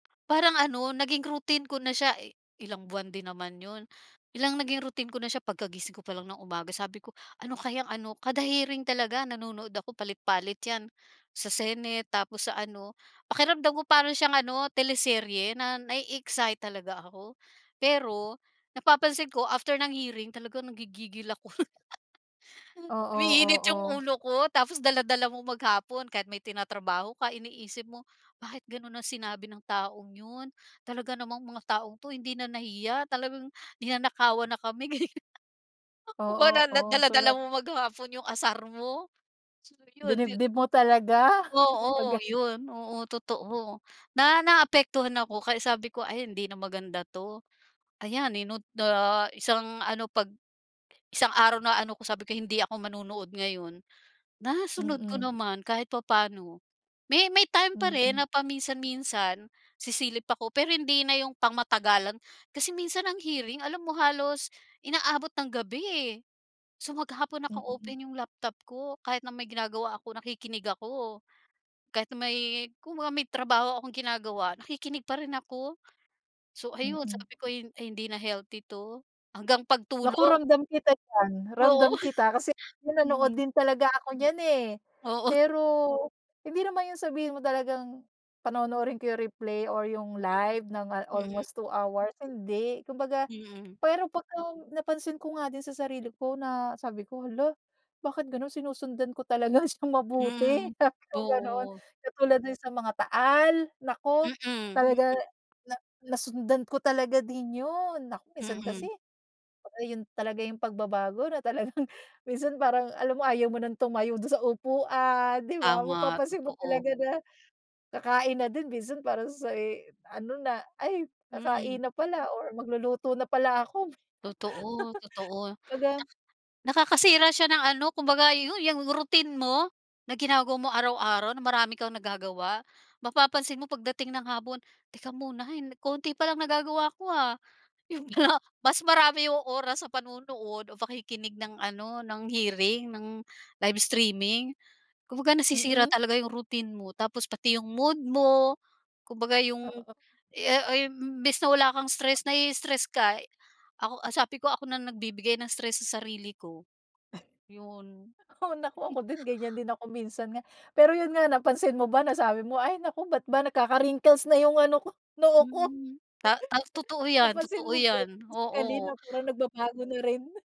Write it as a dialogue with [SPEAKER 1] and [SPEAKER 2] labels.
[SPEAKER 1] Parang ano, naging routine ko na siya, eh ilang buwan din naman yun. Biglang naging routine ko na siya, pagkagising ko pa lang ng umaga, sabi ko "Ano kayang ano" Kada hearing talaga nanonood ako, palit-palit yan, sa senate, tapos sa ano. Pakiramdam ko para siyang ano, teleserye na na-e-excite talaga ako. Pero, napapansin ko after ng hearing talaga nangigigil ako.
[SPEAKER 2] Oo,
[SPEAKER 1] Umiinit yung
[SPEAKER 2] oo.
[SPEAKER 1] ulo ko, tapos dala-dala mo maghapon kahit may tinatrabaho ka iniisip mo, "Bakit ganun ang sinabi ng taong yun?" Talaga namang mga taong 'to hindi na nahiya, talagang ninanakawan na kami, ganyan. Ako ba
[SPEAKER 2] Oo,
[SPEAKER 1] na na
[SPEAKER 2] oo, so na
[SPEAKER 1] dala-dala mo maghapon yung asar mo. So yun, yun
[SPEAKER 2] Dinibdib mo talaga, kumbaga.
[SPEAKER 1] oo yun, oo totoo. Na naapektuhan ako kaya sabi ko, "Ay hindi na maganda 'to." Ayan yun no ah, na isang ano pag isang araw na ano ko sabi ko, "Hindi ako manonood ngayon." Nasunod ko
[SPEAKER 2] Mm.
[SPEAKER 1] naman kahit papaano. May may time pa rin
[SPEAKER 2] Mm.
[SPEAKER 1] na paminsan-minsan sisilip ako pero hindi na yung pang matagalan. Kasi minsan ang hearing alam mo halos inaabot ng gabi eh. So maghapon
[SPEAKER 2] Mm.
[SPEAKER 1] naka-open yung laptop ko. Kahit na may ginagawa ako, nakikinig ako. Kahit na may kumbaga may trabaho akong ginagawa, nakikinig pa rin ako. So ayun,
[SPEAKER 2] Mm.
[SPEAKER 1] sabi ko ay ay hindi na healthy 'to. Hanggang
[SPEAKER 2] Naku
[SPEAKER 1] pagtulog.
[SPEAKER 2] ramdam kita diyan,
[SPEAKER 1] Oo.
[SPEAKER 2] ramdam kita. Kasi nanonood
[SPEAKER 1] Mm.
[SPEAKER 2] din talaga ako niyan eh.
[SPEAKER 1] Oo.
[SPEAKER 2] Pero, hindi naman yung sabihin mo talagang panonoorin ko yung replay or yung live ng ah
[SPEAKER 1] Mm.
[SPEAKER 2] almost 2 hours, hindi. Kumbaga,
[SPEAKER 1] Mm.
[SPEAKER 2] pero pagka-napansin ko nga din sa sarili ko na sabi ko, "Hala, bakit ganun? Sinusundan ko talaga siyang mabuti"
[SPEAKER 1] Mm,
[SPEAKER 2] Sabi kong ganun.
[SPEAKER 1] oo.
[SPEAKER 2] Katulad din sa mga taal, naku,
[SPEAKER 1] Mm,
[SPEAKER 2] talaga
[SPEAKER 1] mm.
[SPEAKER 2] na nasundan ko talaga din yun. Naku minsan kasi,
[SPEAKER 1] Mm.
[SPEAKER 2] kumbaga yun talaga yung pagbabago na talagang minsan parang alam mo ayaw mo nang tumayo dun sa upuan 'di ba?
[SPEAKER 1] Tama,
[SPEAKER 2] Mapapansin mo
[SPEAKER 1] totoo.
[SPEAKER 2] talaga na, kakain na din minsan parang sa ano na, ay kakain
[SPEAKER 1] Mm.
[SPEAKER 2] na pala or magluluto na pala ako.
[SPEAKER 1] Totoo, totoo. Na
[SPEAKER 2] Kumbaga
[SPEAKER 1] Nakakasira siya ng ano kumbaga yu yang routine mo, na ginagawa mo araw-araw na marami kang nagagawa. Mapapansin mo pagdating ng hapon, "Teka muna hay konti palang nagagawa ko ah." Yun nga mas marami yung oras sa panonood o pakikinig ng ano ng hearing, ng live streaming. Kumbaga nasisira
[SPEAKER 2] Mm.
[SPEAKER 1] talaga yung routine mo tapos pati yung mood mo. Kumbaga yung,
[SPEAKER 2] Oo.
[SPEAKER 1] ah ay imbis na wala kang stress, na i-stress ka. Ako sabi ko, ako na nagbibigay ng stress sa sarili ko, yun.
[SPEAKER 2] Oo naku ako din ganyan din ako minsan nga. Pero yun nga napansin mo ba nasabi mo, ay naku bakit ba nagkaka-wrinkles na yung ano ko, noo ko.
[SPEAKER 1] Mm, ta ta totoo yan
[SPEAKER 2] Napansin
[SPEAKER 1] totoo
[SPEAKER 2] mo ba yun
[SPEAKER 1] yan,
[SPEAKER 2] physically
[SPEAKER 1] oo.
[SPEAKER 2] na parang nagbabago na rin?